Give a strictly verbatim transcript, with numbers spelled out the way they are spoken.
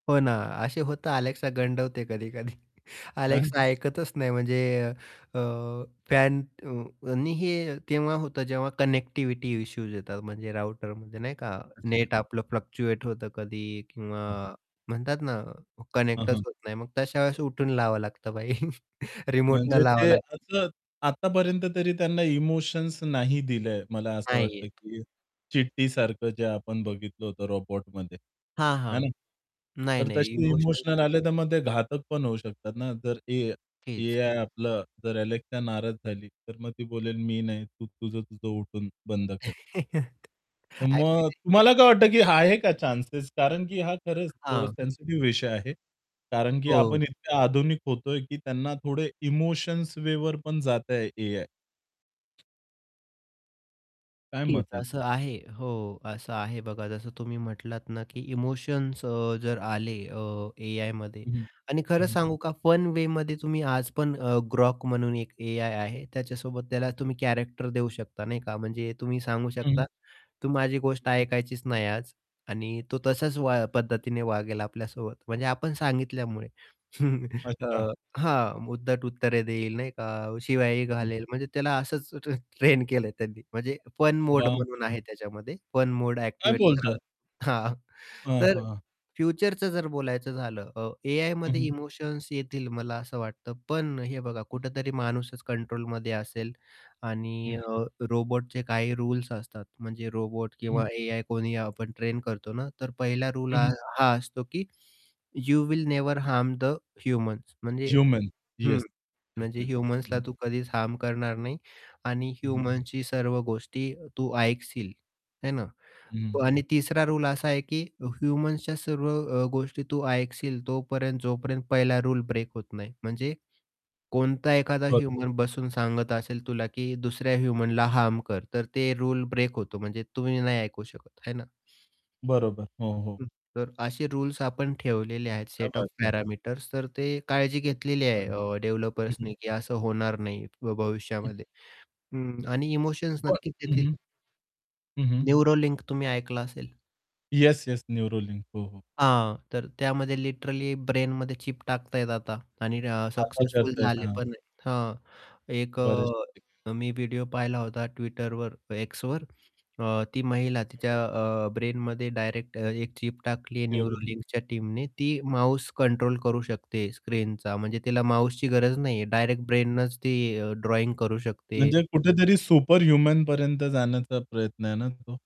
हो ना, असे होतं Alexa गंडवते कधी-कधी. हं. Alexa ऐकतच नाही म्हणजे अ, फॅन अ, आणि हे केव्हा होतं जेव्हा कनेक्टिव्हिटी इश्यूज येतात, म्हणजे राउटरमध्ये नाही का, अच्छा. नेट आपलं फ्लक्चुएट होतं कधी किंवा हं. म्हणतात ना, हं, कनेक्टच हं. होत नाही. मग तश्या वेळेस उठून लावावं लागतं भाई रिमोटनं म्हणजे लावं ते लाग असतं आतापर्यंत तरी त्यांना इमोशन्स नाही दिलं. मला असं नाही वाटतं, आहेत. की हं. चिट्टी सारखं जे आपण बघितलं होतं "रोबोट" मध्ये हां, हे ना. हां. नाही, तर नाही. तशी इमोशन्स इमोशनल नाही. आले तर मग ते घातक पण होऊ शकतात ना, जर ए तेच. AI आपलं जर Alexa नाराज झाली, तर मग ती बोलेल मी नाही तू तुझं, तुझं उठून बंद कर. तर मग एक्चुअली तुम्हाला काय वाटतं, की आहे का चान्सेस? कारण की हा खरंच थोडा हां. सेन्सिटिव्ह विषय आहे. कारण की हो. आपण इतक्या आधुनिक होतो आहे, की त्यांना थोडे इमोशन्स वेवर पण जातं आहे AI. काय नक्कीच. मत आहे? असं आहे. हो असं आहे बघा जसं तुम्ही म्हटलात ना, की इमोशन्स अ, जर आले अ, AIमध्ये हं, हं. आणि खरं हं, हं. सांगू का फन वे मध्ये तुम्ही आज पण अ, Grok म्हणून एक AI आहे, त्याच्यासोबत त्याला हं. तुम्ही कॅरेक्टर देऊ शकता नाही का. म्हणजे तुम्ही सांगू हं. शकता. तू माझी गोष्ट ऐकायचीच नाही आज आणि तो तसाच वा पद्धतीने वागेल आपल्यासोबत, म्हणजे आपण सांगितल्यामुळे. अ, अच्छा. हां, उद्धट उत्तरे देईल नाही का शिव्याही हं. घालेल, म्हणजे त्याला असंच ट्र ट्रेन केलं आहे त्यांनी. म्हणजे फन मोड बाप म्हणून रे! आहे त्याच्यामध्ये फन मोड काय एक्टिवेट बोलता करा. आहे? हां, हां, तर हां. फ्युचरचं जर बोलायचं झालं अ, हं, AIमध्ये हं. इमोशन्स येतील मला असं वाटतं, पण हे बघा कुठेतरी माणूसच कंट्रोलमध्ये असेल हं, आणि हं. अ, रोबोटचे काही रुल्स असतात. म्हणजे रोबोट हं, हं. किंवा AI कोणी आपण ट्रेन करतो ना, तर पहिला रूल हं, ह हं. हा असतो, की you will never harm the humans म्हणजे ह्युमन. हं. येस, येस, म्हणजे येस. हं, ह्युमन्सला हं. तू कधीच हार्म करणार नाही आणि हं, हं. ह्युमन्सची सर्व गोष्टी तू ऐकशील है ना. हं, हं. प आणि तिसरा रूल असा आहे, की ह्युमन्सच्या सर्व अ, गोष्टी तू ऐकशील तोपर्यंत जोपर्यंत पहिला रूल ब्रेक होत नाही म्हणजे, कोणता एखादा बरं. ह्युमन बसून सांगत असेल तुला, की दुसऱ्या ह्युमनला हार्म कर तर ते रूले ब्रेक होतो. म्हणजे तुम्ही नाही ऐकू शकत है ना? बरोबर. हो, हो. तर असे रुल्स आपण ठेवलेले आहेत क्या सेट ओएफ बात है. पॅरामीटर्स, तर ते काळजी घेतलेली हां. आहे, अ, हं, डेव्हलपर्स हं. ने, की असं होणार नाही भ हं. भविष्यामध्ये. हं. आणि इमोशन्स प नक्कीच हं, येतील. हं. हं, हं. न्यूरोलिंक तुम्ही ऐकलं असेल. Yes, yes. न्यूरोलिन. हो, हो. हां, तर त्यामध्ये लिटरली ब्रेनमध्ये चिप टाकता आहेत आता आणि र आता सक्सेसफुल करत आहेत. झाले हां. पण आहे, हां, एक बरेच ते. अ, मी व्हिडिओ पाहिला होता Twitterवर Xवर. अ, ती महिला तिच्या अ, ब्रेनमध्ये डायरेक्ट अ, एक चिप टाकली आहे न्यूरोलिन. न्यूरोलिंगच्या टीमने ती माऊस कंट्रोल करू शकते स्क्रीनचा म्हणजे तिला माऊसची गरज नाही आहे डायरेक्ट ब्रेननच ती ड्रॉइंग करू शकते. म्हणजे कुठेतरी सुपर ह्युमन पर्यंत जाण्याचा प्रयत्न आहे ना तो.